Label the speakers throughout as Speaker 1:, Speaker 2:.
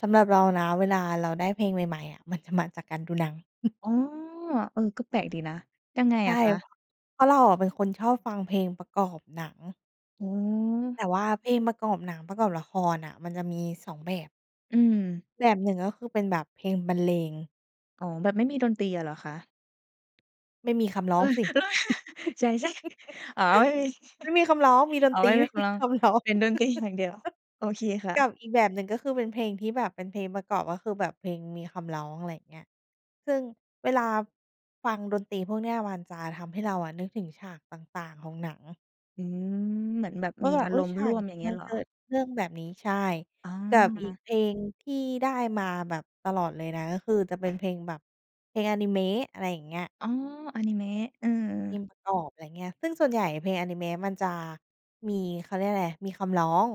Speaker 1: สำหรับเรานะ เวลาเราได้เพลงใหม่ ๆ อะ มันจะมาจากการดูหนัง
Speaker 2: อ๋อ เออ ก็แปลกดีนะ ยังไง
Speaker 1: ใช่
Speaker 2: อะค
Speaker 1: เพ
Speaker 2: ะ?
Speaker 1: ราะ เพราะเราอะเป็นคนชอบฟังเพลงประกอบหนัง
Speaker 2: อื
Speaker 1: แต
Speaker 2: ม
Speaker 1: ่ว่าเพลงประกอบหนัง ประกอบละครน่ะ มันจะมี 2 แบบ
Speaker 2: อืม
Speaker 1: แบบ 1 ก็คือเป็นแบบเพลงบรรเลง
Speaker 2: อ๋อ แบบไม่มีดนตรีอะเหรอคะ?
Speaker 1: ไม่มีคำร้
Speaker 2: เ
Speaker 1: อ
Speaker 2: อ
Speaker 1: ง
Speaker 2: อ
Speaker 1: สิ!
Speaker 2: ใช่ ๆ อ๋อ ไม่มี
Speaker 1: ไม่มีคำร้อง มีด
Speaker 2: อ๋
Speaker 1: น
Speaker 2: อ
Speaker 1: ต
Speaker 2: ไ
Speaker 1: ร
Speaker 2: ม
Speaker 1: ี
Speaker 2: ่
Speaker 1: ไ
Speaker 2: มี
Speaker 1: ม่
Speaker 2: ค
Speaker 1: ม
Speaker 2: ำร
Speaker 1: ี
Speaker 2: ้อง
Speaker 1: คำร้อง
Speaker 2: เป็น ดนตรี อย่างเดียว โอเคค่
Speaker 1: กับ
Speaker 2: ะ
Speaker 1: อีกแบบหนึ่ง ก็คือเป็นเพลงที่แบบเป็นเพลงประกอบ ก็คือแบบเพลงมีคำร้อง อะไรอย่างเงี้ย ซึ่งเวลา ฟังดนตรีพวกเนี่ย มันจะทำให้เราอะนึกถึงฉากต่าง ๆ ของหนัง
Speaker 2: อืม เหมือนแบบ
Speaker 1: ว่
Speaker 2: ม
Speaker 1: า
Speaker 2: ี
Speaker 1: แบบ
Speaker 2: อา
Speaker 1: อุ๊
Speaker 2: ร
Speaker 1: ย!
Speaker 2: มณ
Speaker 1: ฉ
Speaker 2: ์
Speaker 1: า
Speaker 2: ร่
Speaker 1: ก
Speaker 2: วม
Speaker 1: นี้
Speaker 2: อย่างเงี
Speaker 1: ม
Speaker 2: ้
Speaker 1: ั
Speaker 2: ย
Speaker 1: น
Speaker 2: เหร
Speaker 1: เ
Speaker 2: อ?
Speaker 1: กิดเรื่องแบบนี้ ใช่
Speaker 2: อ๋อ
Speaker 1: กับอีกเพลงที่ได้มาแบบตลอดเลยนะ ก็คือจะเป็นเพลงแบบ เพลงอานิเมะ อะไรอย่างเงี้ย
Speaker 2: อ้อ อานิเมะ เออ
Speaker 1: เพลงประกอบ อะไรอย่างเงี้ย ซึ่งส่วนใหญ่เพลงอานิเมะมันจะ มีเขาเรียกว่าอะไร มีคำร้อง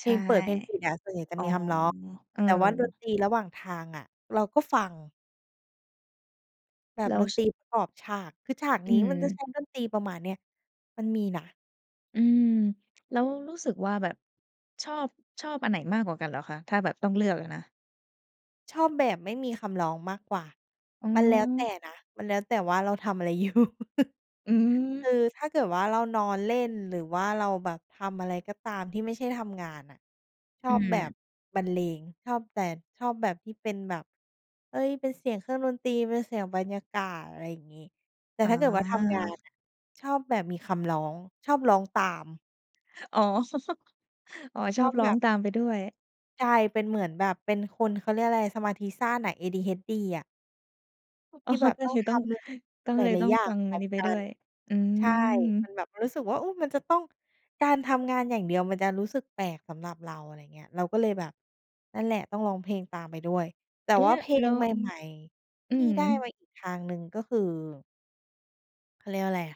Speaker 1: เพ
Speaker 2: ใช
Speaker 1: ล
Speaker 2: ่
Speaker 1: งเปิดเพลงปิดอะ ส่วนใหญ่จะ
Speaker 2: อ๋
Speaker 1: ม
Speaker 2: อ
Speaker 1: ีคำร้อง
Speaker 2: เออ
Speaker 1: แต่ว่าดนตรีระหว่างทางอะ เราก็ฟัง แบบ
Speaker 2: แล้
Speaker 1: ด
Speaker 2: ว
Speaker 1: นต
Speaker 2: ช
Speaker 1: รีประกอบฉาก คือฉาก
Speaker 2: อื
Speaker 1: นี้มันจะ
Speaker 2: ม
Speaker 1: ใช้ดนตรีประมาณเนี้ย มันมีนะ
Speaker 2: อืม แล้วรู้สึกว่าแบบ ชอบ ชอบอันไหนมากกว่ากันเหรอคะ? ถ้าแบบต้องเลือกอะนะ
Speaker 1: ชอบแบบไม่มีคำร้องมากกว่า
Speaker 2: อื
Speaker 1: มันแล้วแต
Speaker 2: อ
Speaker 1: ่นะ มันแล้วแต่ว่าเราทำอะไร อยู่
Speaker 2: อื
Speaker 1: ค
Speaker 2: อ
Speaker 1: ือถ้าเกิดว่าเรานอนเล่น หรือว่าเราแบบทำอะไรก็ตามที่ไม่ใช่ทำงานน่ะ ชอ
Speaker 2: อื
Speaker 1: บแบบ
Speaker 2: ม
Speaker 1: บรรเลง ชอบแบบ ชอบแบบที่เป็นแบบ เอ๊ย! เป็นเสียงเครื่องดนตรี เป็นเสียงบรรยากาศ อะไรอย่างงี้ แต่
Speaker 2: อ๋
Speaker 1: ถ้าเกิดว่าทำงาน
Speaker 2: อ
Speaker 1: น่ะ ชอบแบบมีคำร้อง ชอบร้องตาม
Speaker 2: อ๋อ อ๋อ
Speaker 1: ช
Speaker 2: ชอ
Speaker 1: อ
Speaker 2: บ
Speaker 1: บ
Speaker 2: ร้
Speaker 1: แบ
Speaker 2: อง
Speaker 1: บ
Speaker 2: ตามไปด้วย
Speaker 1: ใช่ เป็นเหมือนแบบ เป็นคน เขาเรียกอะไร สมาธิสั้นน่ะ ADHD อะ
Speaker 2: อ
Speaker 1: ท
Speaker 2: ๋
Speaker 1: ี
Speaker 2: อ
Speaker 1: ่แ
Speaker 2: ก
Speaker 1: บบ
Speaker 2: ็
Speaker 1: ต้อ
Speaker 2: เล
Speaker 1: ง
Speaker 2: ย
Speaker 1: ท
Speaker 2: ต้อง
Speaker 1: ำ ล
Speaker 2: ต้อง
Speaker 1: หล
Speaker 2: เลย
Speaker 1: า
Speaker 2: ต
Speaker 1: ย
Speaker 2: ้อ
Speaker 1: ๆ
Speaker 2: ง
Speaker 1: อย่า
Speaker 2: ฟั
Speaker 1: ง
Speaker 2: ง
Speaker 1: พร
Speaker 2: อั
Speaker 1: ้อ
Speaker 2: น
Speaker 1: ม
Speaker 2: นี้ไป
Speaker 1: ก
Speaker 2: ด
Speaker 1: ั
Speaker 2: ้
Speaker 1: น
Speaker 2: วย อื
Speaker 1: ใช่ ม
Speaker 2: ม
Speaker 1: ันแบบรู้สึกว่า อุ๊ย! มันจะต้อง การทำงานอย่างเดียว มันจะรู้สึกแปลกสำหรับเรา อะไรอย่างเงี้ย เราก็เลยแบบ นั่นแหละต้องร้องเพลงตามไปด้วย แต่
Speaker 2: เอ๊ะ
Speaker 1: ว
Speaker 2: แ
Speaker 1: ่า
Speaker 2: ละ
Speaker 1: เพล
Speaker 2: แล้
Speaker 1: ง
Speaker 2: ว
Speaker 1: ใหม่
Speaker 2: อ
Speaker 1: ๆ
Speaker 2: ื
Speaker 1: ที่
Speaker 2: อฮ
Speaker 1: ได้
Speaker 2: ึ
Speaker 1: มาอีกทางหนึ่งก็คือ เขาเรียกว่าอะไรอะ